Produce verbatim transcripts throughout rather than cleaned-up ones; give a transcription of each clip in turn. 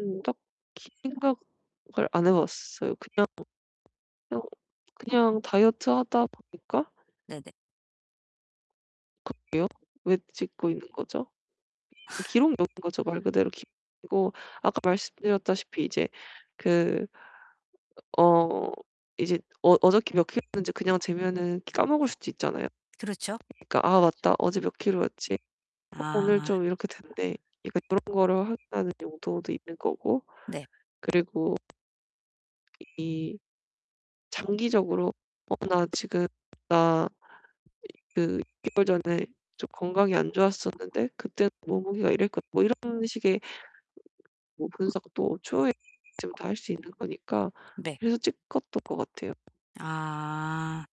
음 딱히 생각을 안 해 봤어요. 그냥 그냥 그냥 다이어트 하다 보니까 네네. 그러게요. 왜 찍고 있는 거죠? 기록용인 거죠 말 그대로 기록용이고. 아까 말씀드렸다시피 이제 그 어 이제 어 어저께 몇 키로였는지 그냥 재면 까먹을 네. 수도 있잖아요. 그렇죠. 그러니까 '아 맞다. 어제 몇 키로였지? 어 오늘 아. 좀 이렇게 됐네. 이제 그런 거를 확인하는 용도도 있는 거고. 네. 그리고 이 장기적으로 '어 나 지금 나 그 육 개월 전에 좀 건강이 안 좋았었는데 그때는 몸무게가 이랬고' 뭐 이런 식의 뭐 분석도 추후에 다 할 수 있는 거니까 네. 그래서 찍었던 것 같아요. 아.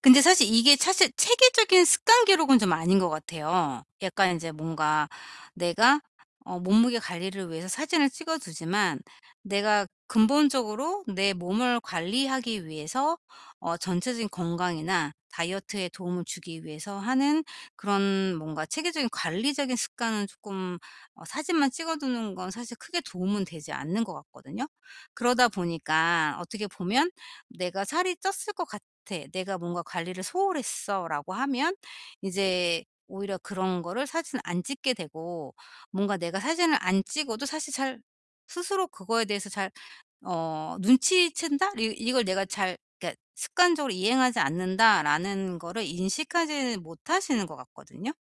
근데 사실 이게 사실 체계적인 습관 기록은 좀 아닌 것 같아요. 약간 이제 뭔가 내가 어 몸무게 관리를 위해서 사진을 찍어 두지만 내가 근본적으로 내 몸을 관리하기 위해서 어 전체적인 건강이나 다이어트에 도움을 주기 위해서 하는 그런 뭔가 체계적인 관리적인 습관은 쪼끔 어 사진만 찍어두는 건 사실 크게 도움은 되지 않는 것 같거든요? 그러다 보니까 어떻게 보면 '내가 살이 쪘을 것 같아. 내가 뭔가 관리를 소홀 했어.'라고 하면 이제 오히려 그런 거를 사진을 안 찍게 되고 뭔가 내가 사진을 안 찍어도 사실 잘 스스로 그거에 대해서 잘 어 눈치챈다? 이 이걸 내가 잘 그러니까 '습관적으로 이행하지 않는다.'라는 거를 인식하지 못하시는 것 같거든요?